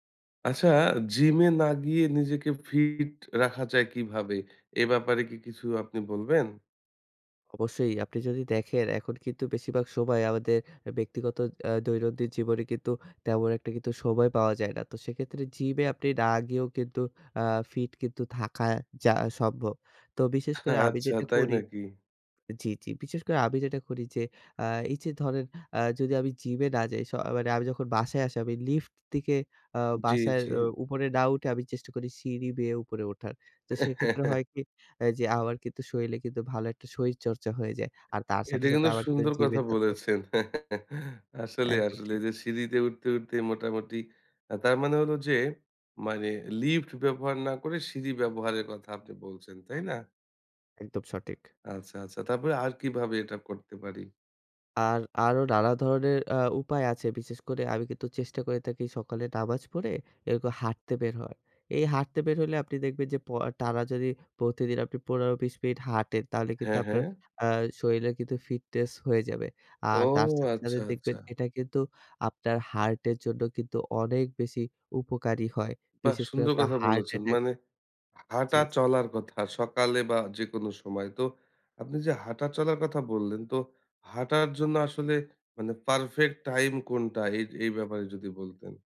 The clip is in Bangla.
আচ্ছা, জিমে না গিয়ে নিজেকে ফিট রাখা যায় কিভাবে? এ ব্যাপারে কি কিছু আপনি বলবেন? অবশ্যই। আপনি যদি দেখেন, এখন কিন্তু বেশিরভাগ সময় আমাদের অ্যা ব্যক্তিগত অ্যা দৈনন্দিন জীবনে কিন্তু তেমন একটা কিন্তু সময় পাওয়া যায় না। তো সেক্ষেত্রে জিমে আপনি না গিয়েও কিন্তু আ ফিট কিন্তু থাকা যা সম্ভব। তো বিশেষ করে আমি আচ্ছা যেটা তাই করি নাকি? জি, জি। বিশেষ করে আমি যেটা করি যে অ্যা এইযে ধরেন অ্যা যদি আমি জিমে না যাই। স মানে আমি যখন বাসায় আসি। আমি লিফট দিকে অ্যা জি, বাসার জি। অ উপরে না উঠে আমি চেষ্টা করি সিঁড়ি বেয়ে উপরে ওঠার। তো সেক্ষেত্রে হয় কি? অ্যা যে আমার কিন্তু শরীরে কিন্তু ভালো একটা শরীরচর্চা হয়ে যায়। আর তার এটা সাথে, সাথে কিন্তু আমার কিন্তু সুন্দর জিমে কথা যাতে বলেছেন। হচ্ছেনা। আসলে একদম আসলে ঠিক। এইযে সিঁড়ি দিয়ে উঠতে, উঠতেই মোটামুটি আ তার মানে হলো যে মানে লিফট ব্যবহার না করে সিঁড়ি ব্যবহারের কথা আপনি বলছেন, তাই না? একদম সঠিক। আচ্ছা, আচ্ছা। তারপরে আর কিভাবে এটা করতে পারি? আর, আরো নানা ধরনের আ উপায় আছে। বিশেষ করে আমি কিন্তু চেষ্টা করে থাকি সকালে নামাজ পড়ে, এরকম হাঁটতে বের হওয়ার। এই হাটতে বের হইলে আপনি দেখবেন যে প আ টানা যদি প্রতিদিন আপনি ১৫-২০ মিনিট হাঁটেন, তাহলে কিন্তু হ্যাঁ, আপনার হ্যাঁ। অ্যা শরীরে কিন্তু ফিটনেস হয়ে যাবে। ও! আর তার সাথে, সাথে আচ্ছা, আচ্ছা। দেখবেন এটা কিন্তু আপনার হার্টের জন্য কিন্তু অনেক বেশি উপকারী হয়। বাহ! বিশেষ করে সুন্দর আপনার কথা হার্ট বলেছেন। অ্যাটাক মানে জি, জি। হাঁটা-চলার কথা। সকালে বা যেকোন সময়। তো আপনি যে হাঁটা-চলার কথা বললেন, তো হাঁটার জন্য আসলে মানে পারফেক্ট টাইম কোনটা? এইজ এই ব্যাপারে যদি বলতেন?